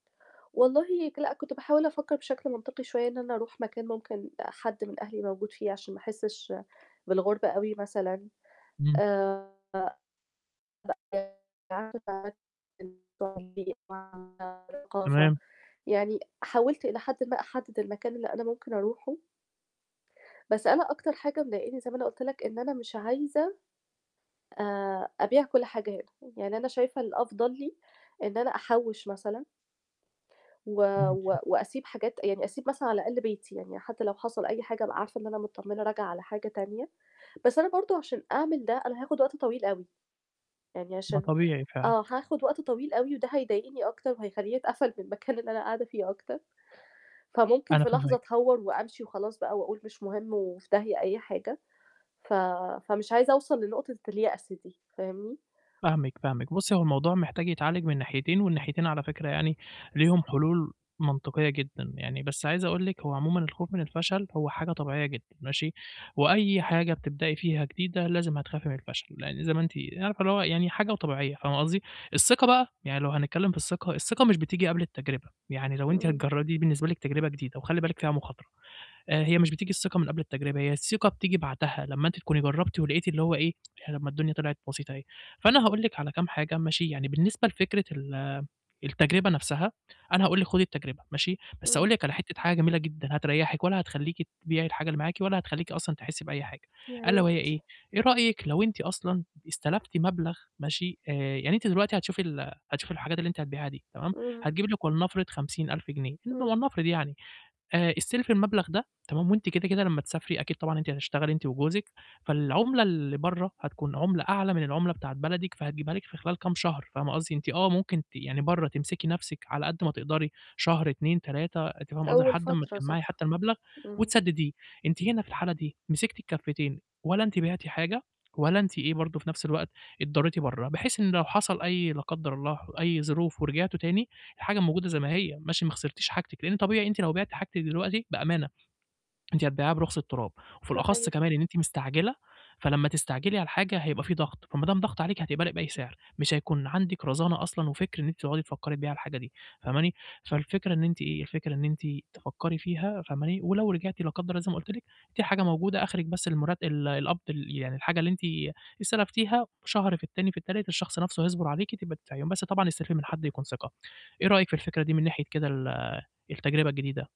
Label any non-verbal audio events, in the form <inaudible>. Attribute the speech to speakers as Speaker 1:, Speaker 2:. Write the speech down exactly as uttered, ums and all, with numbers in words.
Speaker 1: والله ك لأ كنت باحاول أفكّر بشكل منطقي شوية إن أنا أروح مكان ممكن حد من أهلي موجود فيه عشان ما أحسّش بالغربة أوي، مثلًا
Speaker 2: إمم.
Speaker 1: آآ <unintelligible> الثقافة
Speaker 2: تمام.
Speaker 1: يعني حاولت إلى حد ما أحدد المكان اللي أنا ممكن أروحه بس أنا أكتر حاجة مضايقاني زي ما أنا قُلت لك إن أنا مش عايزة آآ أبيع كلّ حاجة هنا، يعني أنا شايفة الأفضل لي إن أنا أحّوش مثلًا و
Speaker 2: إمم، إمم.
Speaker 1: و وأسيب حاجات يعني أسيب مثلًا على الأقل بيتي، يعني حتّى لو حصل أي حاجة أبقى عارفة إن أنا متطمنة راجعة على حاجة تانية، بس أنا برضه عشان أعمل ده أنا هاخد وقت طويل أوي، يعني
Speaker 2: ما
Speaker 1: عشان
Speaker 2: طبيعي فعلًا.
Speaker 1: آه هاخد وقت طويل أوي وده هيضايقني أكتر وهيخلّيني أتقفل من المكان اللي أنا قاعدة فيه أكتر، فممكن
Speaker 2: أنا
Speaker 1: في لحظة
Speaker 2: فاهمِك.
Speaker 1: أتهوّر وأمشي وخلاص بقى وأقول مش مهم وفي داهية أي حاجة، ف فمش عايزة أوصل لنقطة اليأس دي فاهمني؟
Speaker 2: فاهمِك، فاهمِك، بُصّي هو الموضوع محتاج يتعالج من ناحيتين والناحيتين على فكرة يعني ليهم حلول منطقية جدًا، يعني بس عايز أقول لِك هو عمومًا الخوف من الفشل هو حاجة طبيعية جدًا ماشي، وأي حاجة بتبدأي فيها جديدة لازم هتخافي من الفشل، لإن زي ما أنتِ عارفة اللي هو يعني حاجة وطبيعية فاهمة قصدي؟ الثقة بقى، يعني لو هنتكلّم في الثقة، الثقة مش بتيجي قبل التجربة، ي عني لو أنتِ
Speaker 1: إمم.
Speaker 2: هتجر دي بالنسبة لِك تجربة جديدة وخلي بالِك فيها مخاطرة، آآ هي مش بتيجي الثقة من قبل التجربة هي الثقة بتيجي بعدها، لمّا أنتِ تكونِي جرّبتِ ولقيتِ اللي هو إيه، طب ما الدنيا طلعت بسيطة أهي، فأنا هاقول لِك على كام حاجة ماشي، يعني بالنسبة لفكرة ال التجربة نفْسها أنا هاقول لِك خدي التجربة ماشي، بس أقول
Speaker 1: إمم.
Speaker 2: لِك على حتّة حاجة جميلة جدًا هتريّحِك ولا هتخلّيكِ تبيعي الحاجة اللي معاكِ ولا هتخلّيكي أصلًا تحسّي بأي حاجة
Speaker 1: يا
Speaker 2: ألا وهي
Speaker 1: ريت.
Speaker 2: إيه؟ إيه رأيِك لو أنتِ أصلًا استلفتِ مبلغ ماشي، آآ يعني أنتِ دلوقتي هتشوفي ال هتشوفي الحاجات اللي أنتِ هتبيعها دي تمام،
Speaker 1: إمم.
Speaker 2: هتجيبي لِك ولنفرض خمسين ألف جنيه
Speaker 1: إمم.
Speaker 2: <unintelligible> ولنفرض يعني، آآ استلفي المبلغ ده تمام، وأنتِ كده، كده لمّا تسافري أكيد طبعًا أنتِ هتشتغلي أنتِ وجوزِك، فالعملة اللي برّه هتكون عملة أعلى من العملة بتاعة بلدِك فهتجيبها لِك في خلال كام شهر فاهمة قصدي، إن أنت آه ممكن ت يعني برّه تمسكي نفْسِك على قد ما تقدري، شهر أتنين تلاتة أنتِ فاهمة قصدي،
Speaker 1: أول
Speaker 2: لحد أمّا
Speaker 1: فترة
Speaker 2: تجمَّعي
Speaker 1: صح،
Speaker 2: حتّى المبلغ
Speaker 1: إمم.
Speaker 2: وتسدديه، أنتِ هنا في الحالة دي مسكتي الكافتين، ولا أنتِ بعتِ حاجة ولا أنتِ إيه برضه في نفْس الوقت اتضريتِ برّه، بحيث إن لو حصل أي لا قدر الله أي ظروف ورجعتوا تاني الحاجة موجودة زي ما هي، ماشي ما خسرتيش حاجتِك، لإن طبيعي أنتِ لو بعتِ حاجتِك دلوقتي بأمانة، أنتِ هتبيعيها برخص التراب، وفي الأخص
Speaker 1: صحيح.
Speaker 2: كمان إن أنتِ مستعجلة، فلمّا تستعجلي على الحاجة هيبقى في ضغط فما دام ضغط عليكِ هتقبلي بأي سعر، مش هيكون عندِك رزانة أصلًا وفكر إن أنتِ تقعدي تفكّري تبيعي الحاجة دي فاهماني، فالفكرة إن أنتِ إيه الفكرة إن أنتِ تفكّري فيها فاهماني، ولو رجعتِ لا قدّر الله زي ما قُلت لِك، في حاجة موجودة آخرك بس المرت ال القبض ال يعني الحاجة اللي أنت استلفتيها شهر في التاني في التالت الشخص نفْسه هيصبر عليكِ تبقى تدفعيهم بس طبعًا استلفي من حد يكون ثقة، إيه رأيِك في الفكرة دي من ناحية كده ال التجربة الجديدة؟